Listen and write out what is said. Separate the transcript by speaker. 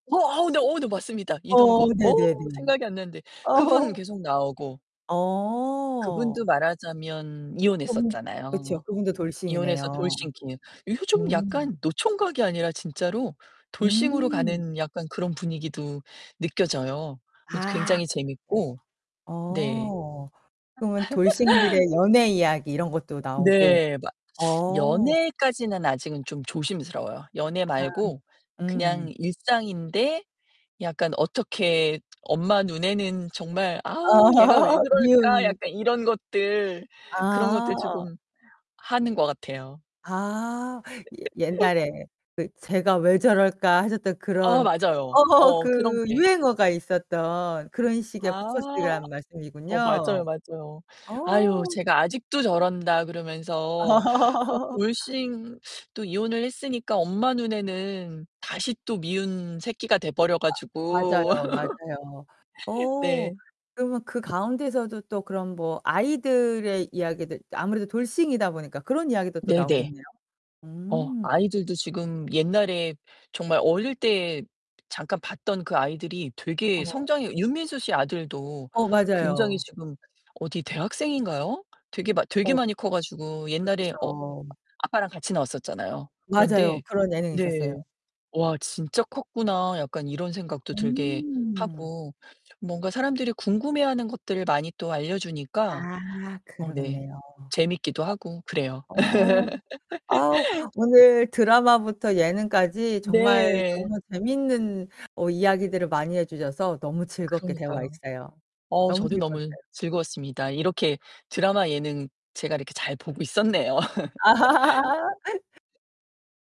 Speaker 1: 어 어 네 어 네 맞습니다
Speaker 2: 어
Speaker 1: 이동건. 어
Speaker 2: 네네네.
Speaker 1: 생각이 안 났는데 그분
Speaker 2: 어
Speaker 1: 계속 나오고.
Speaker 2: 어.
Speaker 1: 그분도 말하자면
Speaker 2: 음 그렇죠.
Speaker 1: 이혼했었잖아요.
Speaker 2: 그분도
Speaker 1: 이혼해서
Speaker 2: 돌싱이네요.
Speaker 1: 돌싱킹. 요즘
Speaker 2: 음.
Speaker 1: 약간 노총각이 아니라 진짜로 돌싱으로
Speaker 2: 음.
Speaker 1: 가는 약간 그런 분위기도 느껴져요. 그것도
Speaker 2: 아.
Speaker 1: 굉장히
Speaker 2: 그랬어요.
Speaker 1: 재밌고. 네.
Speaker 2: 어. 그러면 돌싱들의 연애 이야기 이런 것도 나오고.
Speaker 1: 네. 막
Speaker 2: 어.
Speaker 1: 연애까지는 아직은 좀 조심스러워요. 연애
Speaker 2: 아
Speaker 1: 말고
Speaker 2: 음.
Speaker 1: 그냥 일상인데 약간 어떻게 엄마 눈에는 정말 '아우 얘가 왜
Speaker 2: 아
Speaker 1: 그럴까.'
Speaker 2: 미운
Speaker 1: 약간 이런 것들. 그런 것들
Speaker 2: 아.
Speaker 1: 조금 하는 거 같아요.
Speaker 2: 아. 옛 옛날에 그 "쟤가 왜 저럴까."하셨던
Speaker 1: 아
Speaker 2: 그런
Speaker 1: 맞아요.
Speaker 2: 어
Speaker 1: 어 그런
Speaker 2: 그
Speaker 1: 게.
Speaker 2: 유행어가 있었던 그런 식의
Speaker 1: 아.
Speaker 2: 포커스라는
Speaker 1: 어
Speaker 2: 말씀이군요.
Speaker 1: 맞아요, 맞아요. "아유
Speaker 2: 어.
Speaker 1: 쟤가 아직도 저런다."그러면서 또 돌싱 또 이혼을 했으니까 엄마 눈에는 다시 또 미운 새끼가 돼 버려
Speaker 2: 아
Speaker 1: 가지고.
Speaker 2: 맞아요, 맞아요. 어
Speaker 1: 네.
Speaker 2: 그러면 그 가운데서도 또 그런 뭐 아이들의 이야기들 아무래도 돌싱이다 보니까 그런 이야기도 또
Speaker 1: 네네.
Speaker 2: 나오겠네요.
Speaker 1: 어
Speaker 2: 음.
Speaker 1: 아이들도 지금 옛날에 정말 어릴 때 잠깐 봤던 그 아이들이 되게
Speaker 2: 어.
Speaker 1: 성장이 윤민수 씨 아들도
Speaker 2: 어
Speaker 1: 굉장히
Speaker 2: 맞아요.
Speaker 1: 지금 어디 대학생인가요? 되게 많 되게
Speaker 2: 어.
Speaker 1: 많이 커 가지고 옛날에 어
Speaker 2: 그쵸.
Speaker 1: 아빠랑 같이 나왔었잖아요.
Speaker 2: 맞아요.
Speaker 1: 그런데
Speaker 2: 그런 예능 있었어요.
Speaker 1: 네. '와 진짜 컸구나.' 약간 이런 생각도 들게
Speaker 2: 음.
Speaker 1: 하고 뭔가 사람들이 궁금해하는 것들을 많이 또 알려주니까.
Speaker 2: 아
Speaker 1: 어 네.
Speaker 2: 그러겠네요.
Speaker 1: 재밌기도 하고 그래요.
Speaker 2: 어. 어. 아 오늘 드라마부터 예능까지 정말
Speaker 1: 네.
Speaker 2: 너무 재밌는 어 이야기들을 많이 해주셔서 너무 즐겁게
Speaker 1: 그러니까요.
Speaker 2: 대화했어요.
Speaker 1: 어
Speaker 2: 너무
Speaker 1: 저도 너무
Speaker 2: 즐거웠어요.
Speaker 1: 즐거웠습니다. 이렇게 드라마 예능 제가 이렇게 잘 보고 있었네요.